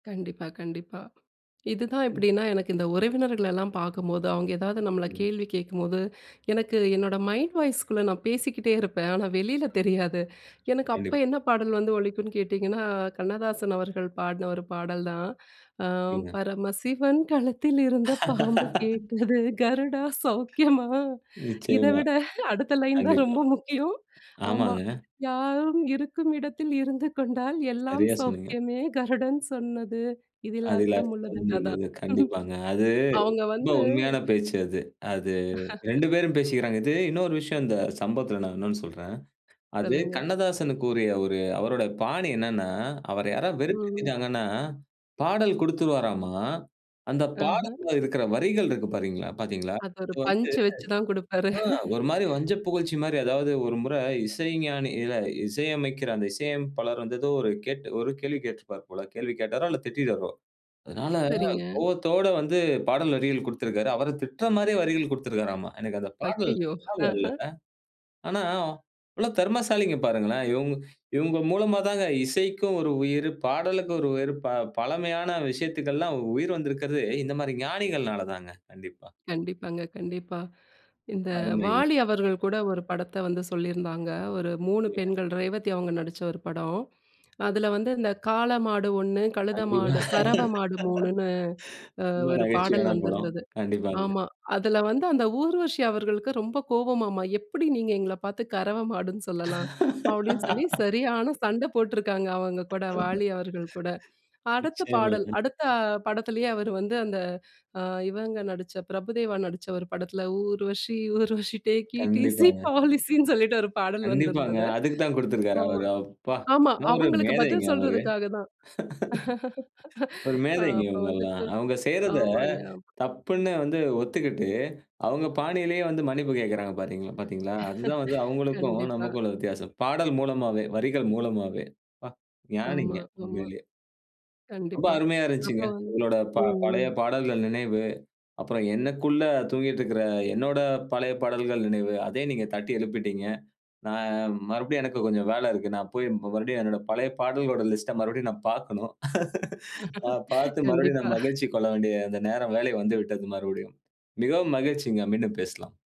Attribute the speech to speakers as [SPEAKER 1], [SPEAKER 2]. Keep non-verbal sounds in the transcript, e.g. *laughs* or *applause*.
[SPEAKER 1] கண்டிப்பா கண்டிப்பா. இதுதான் எப்டின்னா, எனக்கு இந்த உறவினர்களெல்லாம் பார்க்கும்போது, அவங்க ஏதாவது நம்மள
[SPEAKER 2] சொல்லுங்க.
[SPEAKER 1] கேள்வி கேட்கும்போது, எனக்கு என்னோட மைண்ட் வாய்ஸ்க்குள்ள நான் பேசிக்கிட்டே இருப்பேன். ஆனா வெளியில தெரியாது. எனக்கு அப்போ
[SPEAKER 2] கண்டிப்பா.
[SPEAKER 1] என்ன பாடல் வந்து ஒலிக்கும்னு கேட்டீங்கன்னா, கண்ணதாசன் அவர்கள் பாடின ஒரு பாடல் தான். ஆ *chuckles*
[SPEAKER 2] சரிங்க.
[SPEAKER 1] "பரமசிவன் கழுத்தில் இருந்த பாம்பு
[SPEAKER 2] *laughs*
[SPEAKER 1] கேட்டது கருடா சௌக்கியமா?" *chuckles* இதை
[SPEAKER 2] நிச்சயமா.
[SPEAKER 1] விட அடுத்த லைன் தான்
[SPEAKER 2] கண்டிப்பா.
[SPEAKER 1] ரொம்ப முக்கியம். ஆமா.
[SPEAKER 2] ஆமாங்க.
[SPEAKER 1] "யாரும் இருக்கும் இடத்தில் இருந்து கொண்டால் எல்லாம்
[SPEAKER 2] நெறைய சொன்னீங்க.
[SPEAKER 1] சௌக்கியமே கருடன் சொன்னது. இதில
[SPEAKER 2] அதில
[SPEAKER 1] அர்த்தம் உள்ளது"
[SPEAKER 2] அர்த்தம்
[SPEAKER 1] அதான்.
[SPEAKER 2] உள்ளது கண்டிப்பாங்க. அது
[SPEAKER 1] *chuckles* அவங்க
[SPEAKER 2] ரொம்ப
[SPEAKER 1] வந்து
[SPEAKER 2] உண்மையான பேச்சு அது. அது 2
[SPEAKER 1] *laughs*
[SPEAKER 2] பேரும் பேசிக்கிறாங்க. இது இன்னொரு விஷயம், இந்த சம்பவத்தில நான் இன்னொன்னு சொல்றேன். அது
[SPEAKER 1] சொல்லுங்க.
[SPEAKER 2] கண்ணதாசன் கூறிய ஒரு அவருடைய பாணி என்னென்னா, அவர யாராவது
[SPEAKER 1] ம்ம்.
[SPEAKER 2] வெறுப்பேத்திட்டாங்கன்னா, பாடல் குடுத்துடுவாராம்மா. அந்த
[SPEAKER 1] ஆஹ.
[SPEAKER 2] பாடல்ல இருக்கற வரிகள் இருக்கு பாத்திங்களா பார்த்தீங்களா?
[SPEAKER 1] அது ஒரு
[SPEAKER 2] அது வந்து
[SPEAKER 1] பஞ்ச் வச்சு தான் குடுப்பாரு.
[SPEAKER 2] ம் ஒரு மாதிரி
[SPEAKER 1] *laughs*
[SPEAKER 2] வஞ்சப்புகழ்ச்சி மாதிரி அதாவது, ஒரு முறை இசைஞானி இசையமைக்கிற அந்த இசையமைப்பாளர் வந்து ஏதோ, ஒரு ஒரு கேள்வி கேட்டிருப்பார் போல. கேள்வி கேட்டாரோ இல்ல திட்டிட்டாரோ. அதனால
[SPEAKER 1] சரிங்க.
[SPEAKER 2] கோபத்தோடு வந்து பாடல் வரிகள் குடுத்திருக்காரு. அவரை திட்டுற மாதிரியே வரிகள் குடுத்திருக்காராம். எனக்கு அந்த பாடல்
[SPEAKER 1] ஐயயோ,
[SPEAKER 2] ஞாபகம் இல்லை.
[SPEAKER 1] ஆஹ.
[SPEAKER 2] ஆனா இவ்வளவு தெறமசாலிகள் பாருங்களேன்! இவுங்க மூலமா தாங்க இசைக்கும் ஒரு உயிரு, பாடலுக்கும் ஒரு உயிரு, பழமையான விஷயத்துக்கெல்லாம் உயிரு வந்திருக்கிறதே இந்த மாதிரி ஞானிகள்னால தாங்க கண்டிப்பா.
[SPEAKER 1] கண்டிப்பாங்க, கண்டிப்பா. இந்த
[SPEAKER 2] அருமைங்க.
[SPEAKER 1] வாலி அவர்கள் கூட ஒரு படத்த வந்து சொல்லியிருந்தாங்க. ஒரு 3
[SPEAKER 2] அருமை.
[SPEAKER 1] பெண்கள், ரேவதி அவங்க நடிச்ச ஒரு படம். அதில வந்து இந்த காள மாடு ஒண்ணு, கழுத
[SPEAKER 2] கண்டிப்பா.
[SPEAKER 1] மாடு, கறவை மாடு 3 மூணுன்னு
[SPEAKER 2] *laughs* ரொம்ப
[SPEAKER 1] ஒரு பாடல்
[SPEAKER 2] நகைச்சுவையான படம்.
[SPEAKER 1] வந்திருந்தது.
[SPEAKER 2] கண்டிப்பாங்க.
[SPEAKER 1] ஆமா. அதில வந்து அந்த ஊர்வசி அவர்களுக்கு ரொம்ப கோவமாம்மா.எப்டி நீங்க எங்கள பார்த்து கறவை மாடுன்னு சொல்லலாம். அப்டின்னு சொல்லி
[SPEAKER 2] *laughs*
[SPEAKER 1] சரியான சண்டை போட்டிருக்காங்க. அவங்க கூட
[SPEAKER 2] *laughs*
[SPEAKER 1] வாலி அவர்கள் கூட. அடுத்த பாடல்,
[SPEAKER 2] நீச்சயமாங்க.
[SPEAKER 1] அடுத்த படத்திலேயே அவர் வந்து அந்த இவங்க நடிச்ச பிரபுதேவா நடிச்ச ஒரு படத்தில "ஊர்வசி ஊர்வசி டேக் ஈஸி
[SPEAKER 2] கண்டிப்பாங்க.
[SPEAKER 1] பாலிசின்னு" *chuckles* சொல்லிட்டு ஒரு பாடல்
[SPEAKER 2] கண்டிப்பாங்க.
[SPEAKER 1] வந்திருந்தது.
[SPEAKER 2] அதுக்கு தான் குடுத்திருக்காரா அவரு. அப்பா
[SPEAKER 1] ஆமா-ஆமா.
[SPEAKER 2] என்ன ஒரு
[SPEAKER 1] அவங்களுக்கு
[SPEAKER 2] மேதைங்க
[SPEAKER 1] பதில்
[SPEAKER 2] அவரு.
[SPEAKER 1] சொல்றதுக்காக தான்.
[SPEAKER 2] *laughs*
[SPEAKER 1] *laughs*
[SPEAKER 2] ஒரு மேதைங்க
[SPEAKER 1] அப்போ
[SPEAKER 2] இவங்கள்லாம்.
[SPEAKER 1] வந்துட்டு
[SPEAKER 2] அவங்க செய்றத
[SPEAKER 1] ஆமாங்க.ஆமா.
[SPEAKER 2] தப்புன்னு வந்து ஒத்துக்கிட்டு அவங்க பாணியிலயே வந்து மன்னிப்பு கேட்கிறாங்க பார்த்தீங் பார்த்தீங்களா? அதுதான் வந்து
[SPEAKER 1] *laughs*
[SPEAKER 2] அவுங்களுக்கும்
[SPEAKER 1] கண்டிப்பா.
[SPEAKER 2] நமக்கும் உள்ள வித்தியாசம். பாடல் மூலமாவே, வரிகள் மூலமாவே
[SPEAKER 1] ஆமா
[SPEAKER 2] ஞானிங்க
[SPEAKER 1] ஆமா.
[SPEAKER 2] உண்மையிலயே. ரொம்ப
[SPEAKER 1] கண்டிப்பா.
[SPEAKER 2] அருமையா இருந்துச்சுங்க.
[SPEAKER 1] அப்போ வந்து
[SPEAKER 2] உங்களோட
[SPEAKER 1] ம்
[SPEAKER 2] பழைய
[SPEAKER 1] ம்.
[SPEAKER 2] பாடல்கள் நினைவு. அப்புறம் எனக்குள்ள தூங்கிக்கிட்டு இருக்கிற என்னுடைய பழைய பாடல்கள் நினைவு அதையும் நீங்க தட்டி எழுப்பிட்டீங்க. நான் மறுபடியும் எனக்கு கொஞ்சம் வேலை இருக்கு. நான் போய் மறுபடியும் என்னுடைய பழைய பாடல்களோட லிஸ்ட்ட மறுபடியும் நான் பார்க்கணும். *laughs* நான்
[SPEAKER 1] *laughs*
[SPEAKER 2] பார்த்து மறுபடியும் நான்
[SPEAKER 1] கண்டிப்பா.
[SPEAKER 2] மகிழ்ச்சிக் கொள்ள வேண்டிய அந்த நேரம், வேலை வந்துவிட்டது மறுபடியும். மிகவும் மகிழ்ச்சிங்க மீன்டும் பேசலாம்.